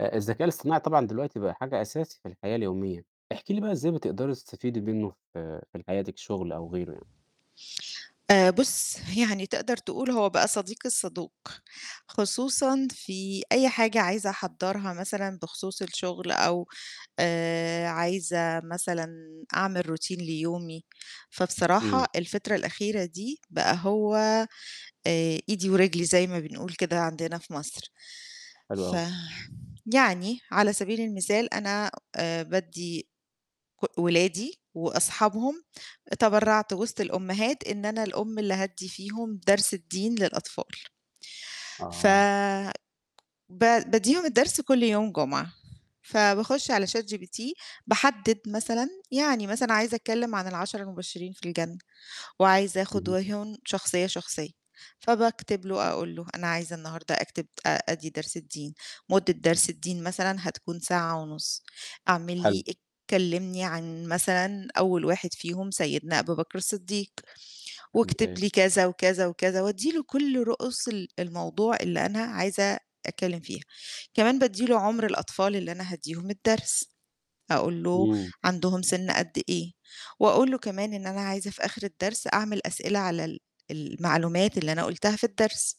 آآ الذكاء الاصطناعي طبعًا دلوقتي بقى حاجة أساسي في الحياة اليومية، احكي لي بقى إزاي بتقدري تستفيدي منه في في ال حياتِك، شغل أو غيره يعني؟ آآ بُصّ يعني تقدر تقول هو بقى صديقي الصدوق، خصوصًا في أي حاجة عايزة أحضّرها مثلًا بخصوص الشغل، أو آآ عايزة مثلًا أعمل Routine ليومي، فبصراحة امم. الفترة الأخيرة دي بقى هو آآ إيدي ورجلي زي ما بنقول كده عندنا في مصر، حلو ف أوي. يعني على سبيل المثال أنا آآ بادّي ك ولادي وأصحابهم، تبرّعت وسط الأمهات إن أنا الأم اللي هادّي فيهم درس الدين للأطفال. ف آه. ب بادّيهم الدرس كلّ يوم جمعة، فباخش على ChatGPT، باحدّد مثلًا يعني مثلًا عايزة أتكلّم عن ال10 المبشرين في الجنة، وعايزة آخد اهم. [unintelligible] شخصية، شخصية، فباكتب له أقول له أنا عايزة النهارده أكتب آآ أدي درس الدين، مدة درس الدين مثلًا هتكون ساعة ونُص، اعمل حلو. لي كلّمني عن مثلًا أول واحد فيهم سيدنا أبو بكر الصديق، واكتب ممتاز. لي كذا، وكذا، وكذا، وأدّي له كلّ رؤوس ال الموضوع اللي أنا عايزة أتكلّم فيها، كمان بادّي له عُمر الأطفال اللي أنا هادّيهم الدرس، أقول له امم. عندهم سن قد إيه، وأقول له كمان إن أنا عايزة في آخر الدرس أعمل أسئلة على ال المعلومات اللي أنا قُلتها في الدرس،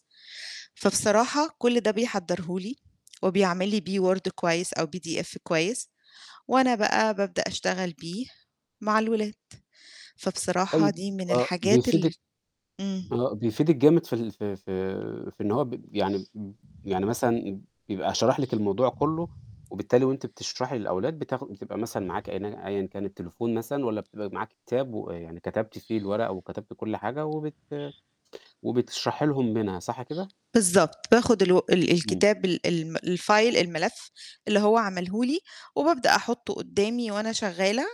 فبصراحة كلّ ده بيحضره لي، وبيعمل لي بيه Word كويس أو PDF كويس، وأنا بقى بابدأ أشتغل بيه مع الولاد، فبصراحة طيب دي من آه الحاجات ال بيفيدِك امم. آه بيفيدِك جامد في ال في في في إن هو ب يعني م يعني مثلًا بيبقى شرَح لِك الموضوع كلّه، وبالتالي وأنتِ بتشرحي للأولاد بتاخ بتبقى مثلًا معاكِ [unintelligible] أيًا كان التليفون مثلًا، والّا بتبقى معاكِ كتاب ويعني كتبتِ فيه الورق وكتبتِ كلّ حاجة وبت وبتشرحي لهم منها صح كده؟ بالضبط، باخد الو ال امم. الكتاب ال ال الFile الملف اللي هو عمله لي، وبابدأ أحطه قدّامي وأنا شغالة،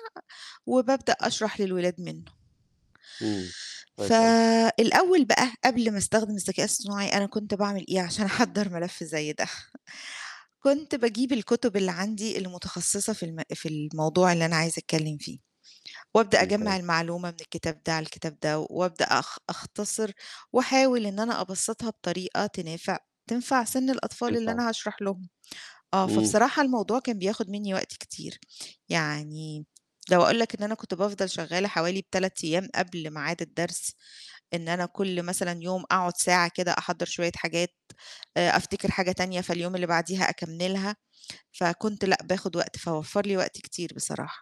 وبابدأ أشرح للولاد منه. امم، كويس أوي. فالأول بقى قبل ما أستخدم الذكاء الاصطناعي أنا كنت باعمل إيه عشان أحضّر ملف زي ده، كنت باجيب الكتب اللي عندي المتخصصة في الم في الموضوع اللي أنا عايزة أتكلّم فيه، وأبدأ أجمّع ممتاز. المعلومة من الكتاب ده على الكتاب ده وأبدأ أخ أختصر وأحاول إن أنا أبسطها بطريقة تنافع تنفع سن الأطفال اللي تنفع. أنا هاشرح لهم، آه، امم. فبصراحة الموضوع كان بياخد مني وقت كتير، يعني لو أقول لك إن أنا كنت بافضل شغالة حوالي 3 أيام قبل ميعاد الدرس، إن أنا كلّ مثلًا يوم أقعد ساعة كده أحضّر شوية حاجات، آآ أفتكر حاجة تانية فاليوم اللي بعديها أكمّلها، فكنت لأ باخد وقت، فوفّر لي وقت كتير بصراحة.